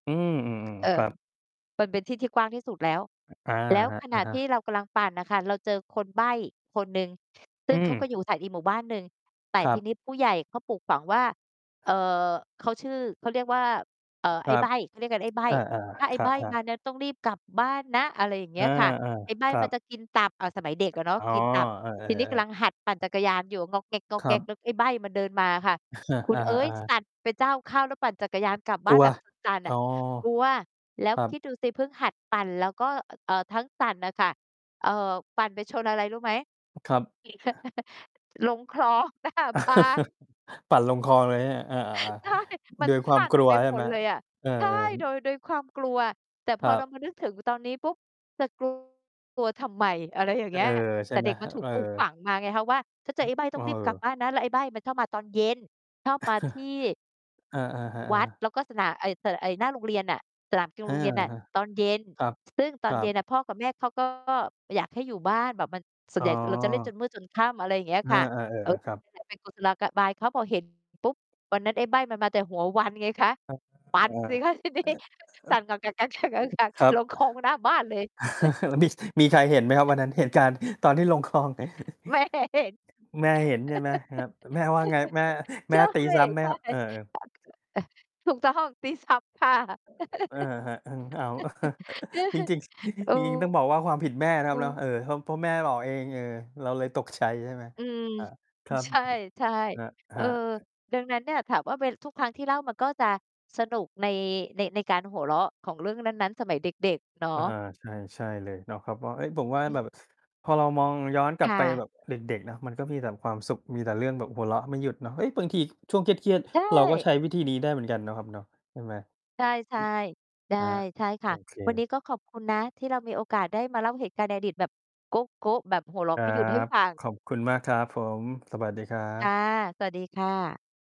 อืม อือ เอๆ คอ รับ มันเป็นที่ที่กว้างที่สุดแล้ว อ อา แล้วครับ ขณอะะฮที่ะ เรากำลังปั่นน่ะค่ะ เราเจอคนใบ้คนหนึ่ง ซึอ่ืงเขาก็อม ยู่อาศัยอีกหมู่บ้านหนึ่ง แต่ครัทีบ นี้ ผู้ใหญ่เขาปลูกฝังว่า เอ่อ เขาชื่อ เขาเรียกว่า เอ่อ ไคอ้รัใบบ ้ เขาเรียกกัน ไอ้ใบ้ อา "ถ้าไอๆ ค้ใะ บ้ครัมาบ เนี่ยต้องรีบกลับบ้านนะ" อะไรอย่างเงอี้า ยค่ะ "ไอ้ใบ้ๆ ครัมันบ จะกินตับ" อ่า สมัยเด็กอะเนาะ อ๋อ กินตับ เออ ทีนี้ กำๆ ลัๆ งหัดปั่นจักรยานอยู่ ง่อกแงครั่ก บ ๆ แล้วไอ้ใบ้มันเดินมาค่ะ คุอณา เอ๊ย ๆ สๆ ั่นเป็นเจ้าเข้า แล้วปั่นจักรยานกลับบก้ลาันว แบบ สั่น ๆ นอ่๋อ ะ กลัว แล้วครัคบ ิดดูสิเพิ่งหัดปั่น แล้วก็ อ เอ่อ ทั้งสั่นน่ะค่ะ เอ่อ ปั่นไปชนอะไรรู้ไหม? ครับ ขี่ ลงคลอง หน้าบ้าน ปั่นลงคลองเลยไหมเนี่ย? เออ อา ใช่ มัๆ โนดยควสามั่นกลัไวปใชห่มไดหม? เลยอะ เออ ใช่ โดย โดยความกลัว แต่พคอรัเรบ ามานึกถึงตอนนี้ปุ๊บ จะ กลัว ทำไม? อะไรอย่างเอเงี้อ ย ใชแ่ต่ไหเม? ด็กมัฮ นถูเอกปลูกอ ฝังมาไงคะว่า "ถ้าเจเฮอ้ย ไอ้ใบ้เต้อองรีบกลับอ บ้านนะ" แล้วไอ้ใบ้มันชอบมาตอนเย็น ชอบมาที่ เออ อือฮึ เอวัด อ แล้วก็สะหน่า ไอ้ ส ร ไอ้หน้าโรงเรียนน่ะ สนามกีฬอาืโอรงเรียนน่ะ ฮึ ตอนเย็น ครับ ซึ่งตคอรนัเย็นบ น่ะพ่อกับแม่เขา ก็ อยากให้อยู่บ้าน แบบมัน ส่อว๋นใหญ่เราจะเล่นจอ นมืดจนค่ำ อะไรเงี้ยอคา ่ะ ๆ เออ เออ ๆ ครับ นั่นแหละ เป็นกุศโลกะ บาย เขา พอ เห็น ปุ๊บ วันนั้นไอ้ใบ้มันมาแต่หัววันไงคะ ครับ ปัเอ่นสอ ิคะ ทีนี้ สั่น [unintelligible] ครับ ลงคลองหน้าบ้านเลย แล้วมิ่ด มีใครเห็นไหมครับ วันนั้น? เหตุการณ์ตอนที่ลงคลอง แม่เห็น แม่เห็นใช่ไหมครับ? แล้วแม่ว่าไง? แม่ แใมช่ตี่ ซ้ำไหมครับ? เออ ๆ [unintelligible] ถูกต้อง ตีซ้ำค่ะ เออ ครับ อึง อ้าว จริง ๆ เอจริง ๆ ต้องบอกว่า ความผิดแม่นะครับเนาะ อ เออ เพราะ เพราะแม่บอกเอง เออ เราเลยตกใจ ใช่ไหม? อืม ครับ คอ รับ ใช่ ครๆ เออ ับ ๆ ดังนั้นเนี่ย ถามว่า เป็น ทุกครั้งที่เล่ามันก็จะสนุกใน ใน ในการหัวเราะของเรื่องนั้น ๆ สมัยเด็ก ๆ เนาะ อา ใช่ ใช่เลยเนาะครับ เพราะว่า เฮ้ย ผมว่าอืแบม บพอเรามองย้อนกลคับ่ไปแะ บบเด็ก ๆ เนาะ มันก็มีแต่ความสุข มีแต่เรื่องแบบหัวเราะไม่หยุดเนาะ เฮ้ย บางทีช่วงเครียด ใชๆ เราก็่ ใช้วิธีนี้ได้เหมือนกันเนาะครับเนาะ ใช่ไหม? ใช่ ๆ ใช่ ครับ ใช่คโอ่ะ เวันนค ี้ก็ขอบคุณนะที่เรามีโอกาสได้มาเล่าเหตุการณ์ในอดีตแบบโก๊ะ ๆ แบบหัวเราคะรไัม่หยุดให้บ ฟัง ขอบคุณมากครับผม สวัสดีครัค่ะ บ สวัสดีค่ะ